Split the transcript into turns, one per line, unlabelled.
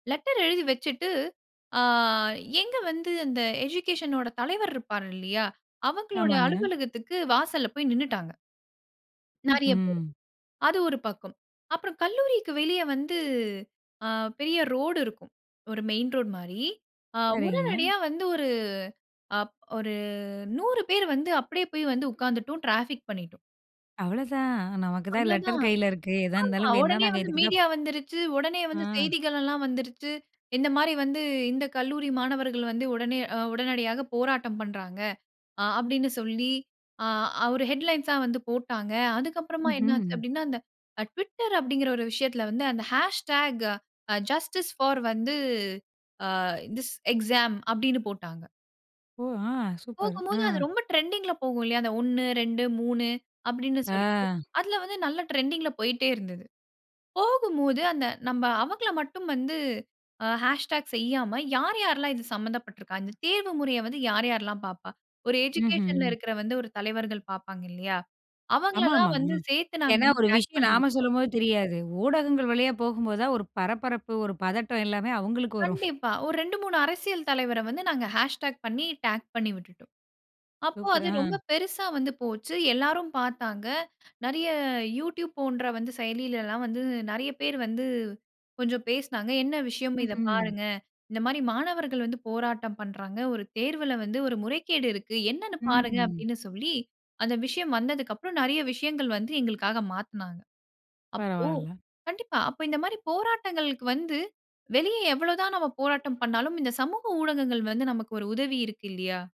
Letter எழுதி வச்சிட்டு. ஆ எங்க வந்து அந்த எஜுகேஷனோட தலைவர் இருப்பாரு இல்லயா? அவங்களோட
ஆமாங்க.
அலுவலகத்துக்கு வாசல்ல போய் நின்னுட்டாங்க. நறைய பேரு.
ம்ஹ்ம்.
அது ஒரு பக்கம். அப்புறம் கல்லூரிக்கு வெளியே வந்து, அ பெரிய ரோடு இருக்கும். ஒரு மெயின் ரோட் மாரி, அ
சரிங்க.
உடனடியா வந்து ஒரு அப் ஒரு 100 பேரு வந்து, அப்டியே போய் வந்து உட்கார்ந்துட்டோம் டிராபிக் பண்ணிட்டோம்.
அவ்ளதான் நமக்கு தான்
அவ்ளோ தான்.
லெட்டர் கையில இருக்கு. எதா
ஆமா.
இருந்தாலும் வேணுன்னா
ஒடனே
நாங்க
வந்து
இதுக்கு தான்.
மீடியா வந்துருச்சு. ஒடனே வந்து
அ.
செய்திகளல்லாம் வந்துருச்சு. இந்த மாரி வந்து இந்த கல்லூரி மாணவர்கள் வந்து உடனே அ உடனடியாக போராட்டம் பண்றாங்க. அ அப்டின்னு சொல்லி அ அவ்ரு ஹெட்லைன்ஸா வந்து போட்டாங்க. அதுக்கப்புறமா என்ன ஆச்சு
ம்ஹ்ம்.
அப்டின்னா, அந்த ட்விட்டர் அப்டின்கிற ஒரு விஷயத்ல வந்து அந்த ஹேஷ்ட்டேகா. ஜஸ்டிஸ் போர் அ வந்து திஸ் எக்ஸாம். அப்டின்னு போட்டாங்க.
ஓ! ஆ. சூப்பர்.
போகும்போது
ஆ.
அது ரொம்ப ட்ரெண்டிங்ல போகும் இல்லையா? அந்த 1, 2, 3, அப்டின்னு சொல்லி.
ஆ.
அதுல வந்து நல்ல ட்ரெண்டிங்ல போய்ட்டே இருந்தது. போகும்போது அந்த நம்ப அவங்கள மட்டும் வந்து, அ ஹேஷ் டாக் செய்யாம யாரு யாரெல்லாம் இது சம்பந்தப்பட்ருக்கா? இந்த தேர்வு முறைய வந்து யார் யார்ல்லாம் பார்ப்பா? ஒரு எஜுகேஷன்ல
ம்ஹ்ம்.
இருக்குற வந்து ஒரு தலைவர்கள் பார்ப்பாங்க இல்லயா?
ஆமா,
அவங்களல்லாம்
ஆமா.
வந்து
ம்.
சேர்த்து நாங்க
ஏன்னா
வந்து
ஒரு
டாக்
விஷயம் நாம
பண்ணிவிட்டோம்.
சொல்லும்போது தெரியாது. ஊடகங்கள் வழியா போகும்போதுதான் ஒரு பரபரப்பு ஒரு பதட்டம் எல்லாமே அவங்களுக்கு வரும்.
கண்டிப்பா. ஒரு 2, 3 அரசியல் தலைவர வந்து, நாங்க ஹேஷ்டாக் பண்ணி டாக் பண்ணி விட்டுட்டோம். அப்போ
சூப்பர்
அது ரொம்ப
ஆ.
பெரிசா வந்து போச்சு. எல்லாரும் பார்த்தாங்க நெறைய youtube போன்ற வந்து செயலியிலல்லாம் வந்து நெறைய பேர் வந்து கொஞ்சம் பேசுனாங்க. என்ன விஷயம்? இதை
ம்ஹ்ம்.
பாருங்க. இந்த மாரி மாணவர்கள் வந்து போராட்டம் பண்றாங்க. ஒரு தேர்வுல வந்து ஒரு முறைகேடு இருக்கு. என்னென்னு பாருங்க?
ம்.
அப்டின்னு சொல்லி அந்த விஷயம் வந்ததுக்கு அப்புறம் நெறைய விஷயங்கள் வந்து எங்களுக்காக மாத்துனாங்க. அப்போ
பரவாயில்ல.
கண்டிப்பா. அப்ப இந்த மாரி போராட்டங்களுக்கு வந்து வெளியே எவ்வளவு தான் நம்ம போராட்டம் பண்ணாலும், இந்த சமூக ஊடகங்கள் வந்து நமக்கு ஒரு உதவியிருக்கு இல்லயா?